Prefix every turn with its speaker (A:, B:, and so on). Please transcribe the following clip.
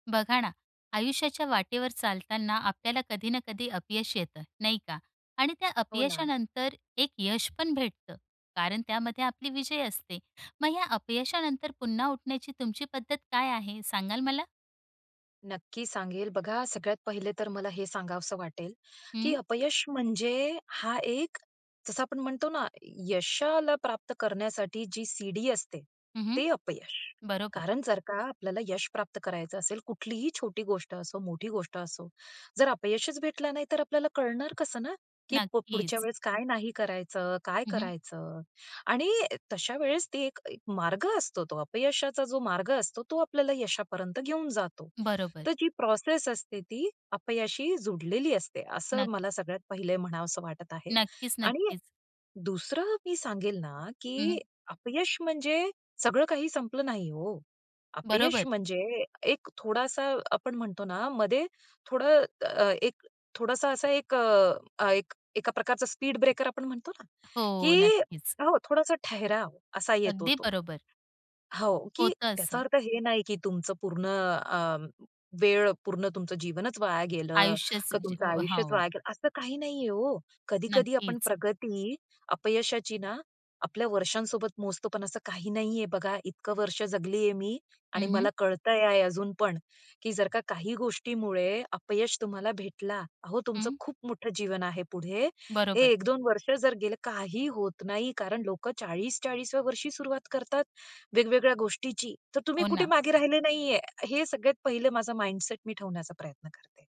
A: बघा ना, आयुष्याच्या वाटेवर चालताना आपल्याला कधी ना कधी अपयश येत, नाही का? आणि त्या
B: हो ना.
A: अपयशानंतर एक यश पण भेटतं कारण त्यामध्ये आपला विजय असतो. मग या अपयशानंतर पुन्हा उठण्याची तुमची पद्धत काय आहे, सांगाल मला?
B: नक्की सांगेल बघा, सगळ्यात पहिले तर मला हे सांगावंसं वाटेल, की
A: हं.
B: अपयश म्हणजे हा एक, जसं आपण म्हणतो ना, यशाला प्राप्त करण्यासाठी जी शिडी असते,
A: हं, हं.
B: ते अपयश.
A: बरोबर.
B: कारण जर का आपल्याला यश प्राप्त करायचं असेल, कुठलीही छोटी गोष्ट असो, मोठी गोष्ट असो, जर अपयशच भेटलं नाही, तर आपल्याला कळणार कसं ना, की प पुढच्या
A: नक्कीच.
B: वेळेस काय नाही करायचं, काय
A: हं, हं.
B: करायचं. आणि तशा वेळेस तो एक एक मार्ग असतो, तो अपयशाचा जो मार्ग असतो, तो आपल्याला यशापर्यंत घेऊन जातो.
A: बरोबर.
B: तर जी प्रोसेस असते, ती अपयशाशी जुडलेली असते, असं
A: नक्की.
B: मला सगळ्यात पहिलं म्हणावंसं वाटत आहे.
A: नक्कीच,
B: आणि
A: नक्कीच.
B: दुसरं मी सांगेल ना,
A: हं,
B: की
A: हं.
B: अपयश म्हणजे सगळं काही संपलं नाही हो, अपयश
A: बरोबर.
B: म्हणजे एक थोडासा, आपण म्हणतो ना, मध्ये थोडं अ, एक थोडासा असा ए, एक अ, एका प्रकारचा स्पीड ब्रेकर आपण म्हणतो ना,
A: हो,
B: की
A: नक्कीच.
B: हो थोडासा ठहराव असा येतो
A: अगदी
B: तो.
A: बरोबर.
B: हो, की
A: होतं
B: त्याचा
A: असं.
B: अर्थ हे नाही, की तुमचं पूर्ण अ, वेळ, पूर्ण तुमचं जीवनच वाया गेलं
A: आयुष्यच
B: का,
A: जे
B: तुमचं आयुष्यच
A: हो.
B: वाया गेलं, असं काही नाही आहे हो. कधी-कधी आपण
A: नक्कीच.
B: प्रगती अपयशाची ना, आपल्या वर्षांसोबत मोजतो, पण असं काही नाहीये बघा. इतकी वर्ष जगलेय मी आणि
A: हं, हं.
B: मला कळतंय आहे अजून पण, की जर का काही गोष्टीमुळे अपयश तुम्हाला भेटलं, अहो, तुमचं
A: हं.
B: खूप मोठं जीवन आहे पुढे. हे
A: बरोबर.
B: 1-2 वर्ष जर गेले, काही होत नाही कारण लोकं 40-40व्या वर्षी सुरुवात करतात, वेगवेगळ्या गोष्टींची, तर तुम्ही
A: हो
B: कुठे
A: ना.
B: मागे राहिले नाहीये. हे सगळ्यात पहिलं माझा माइंडसेट मी ठेवण्याचा प्रयत्न करते.